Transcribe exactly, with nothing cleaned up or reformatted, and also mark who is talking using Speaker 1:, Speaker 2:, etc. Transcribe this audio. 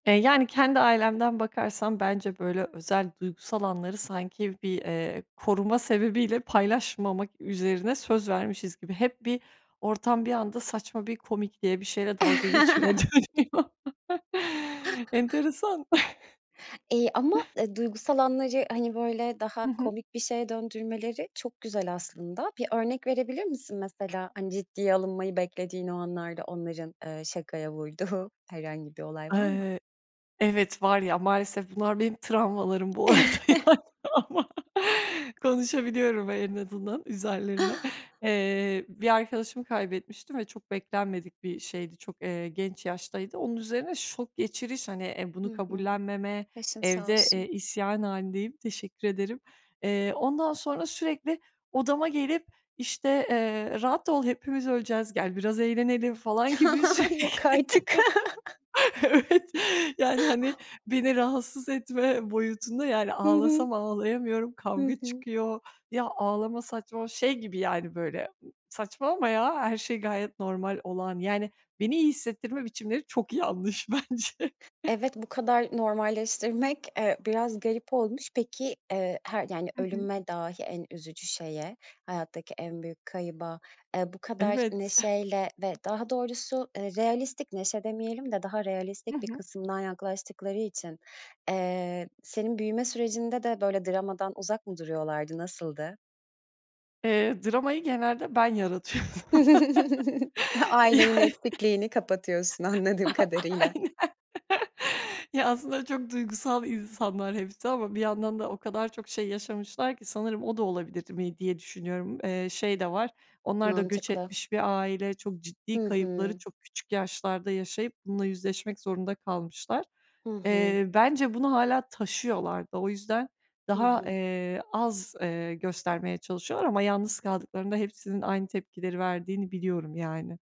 Speaker 1: Eee, yani kendi ailemden bakarsam bence böyle özel, duygusal anları sanki bir, eee, koruma sebebiyle paylaşmamak üzerine söz vermişiz gibi. Hep bir ortam bir anda saçma bir komikliye, bir şeyle dalga geçmeye dönüyor. Enteresan.
Speaker 2: Eee, ama, eee, duygusal anları hani böyle daha
Speaker 1: Hı hı.
Speaker 2: komik bir şeye döndürmeleri çok güzel aslında. Bir örnek verebilir misin mesela hani ciddiye alınmayı beklediğin o anlarda onların, eee, şakaya vurduğu herhangi bir olay var mı?
Speaker 1: Eee, evet var ya maalesef bunlar benim travmalarım bu arada yani ama konuşabiliyorum en azından üzerilerine. Eee, bir arkadaşımı kaybetmiştim ve çok beklenmedik bir şeydi, çok, eee, genç yaştaydı. Onun üzerine şok geçiriş, hani, eee, bunu
Speaker 2: Hı hı.
Speaker 1: kabullenmeme,
Speaker 2: Başın sağ
Speaker 1: evde,
Speaker 2: olsun.
Speaker 1: eee, isyan halindeyim, teşekkür ederim. Eee, ondan sonra sürekli odama gelip, işte, eee, "Rahat ol, hepimiz öleceğiz, gel biraz eğlenelim." falan gibi sürekli.
Speaker 2: Yok artık!
Speaker 1: Evet, yani hani beni rahatsız etme boyutunda yani
Speaker 2: Hı hı.
Speaker 1: ağlasam ağlayamıyorum,
Speaker 2: Hı
Speaker 1: kavga
Speaker 2: hı.
Speaker 1: çıkıyor. Ya, ağlama saçma Şey gibi yani böyle, saçmalama ya, her şey gayet normal olan yani beni iyi hissettirme biçimleri çok yanlış bence.
Speaker 2: Evet bu kadar normalleştirmek, eee, biraz garip olmuş. Peki, eee, her, yani
Speaker 1: Hı hı.
Speaker 2: ölüme dahi en üzücü şeye, hayattaki en büyük kayba, eee, bu kadar
Speaker 1: Evet.
Speaker 2: neşeyle ve daha doğrusu, eee, realistik neşe demeyelim de daha
Speaker 1: Hı
Speaker 2: realistik bir
Speaker 1: hı.
Speaker 2: kısımdan yaklaştıkları için, eee, senin büyüme sürecinde de böyle dramadan uzak mı duruyorlardı, nasıldı?
Speaker 1: Eee, dramayı genelde ben yaratıyordum.
Speaker 2: E ailenin
Speaker 1: Yani.
Speaker 2: eksikliğini kapatıyorsun anladığım kadarıyla.
Speaker 1: Aynen. Ya, aslında çok duygusal insanlar hepsi ama bir yandan da o kadar çok şey yaşamışlar ki, sanırım o da olabilirdi mi diye düşünüyorum. Eee, şey de var; onlar da göç
Speaker 2: Mantıklı.
Speaker 1: etmiş bir aile, çok ciddi
Speaker 2: Hı
Speaker 1: kayıpları
Speaker 2: hı.
Speaker 1: çok küçük yaşlarda yaşayıp bununla yüzleşmek zorunda kalmışlar.
Speaker 2: Hı hı.
Speaker 1: Eee, bence bunu hâlâ taşıyorlardı. O yüzden
Speaker 2: Hı
Speaker 1: daha,
Speaker 2: hı.
Speaker 1: eee, az, eee, göstermeye çalışıyorlar ama yalnız kaldıklarında hepsinin aynı tepkileri verdiğini biliyorum yani.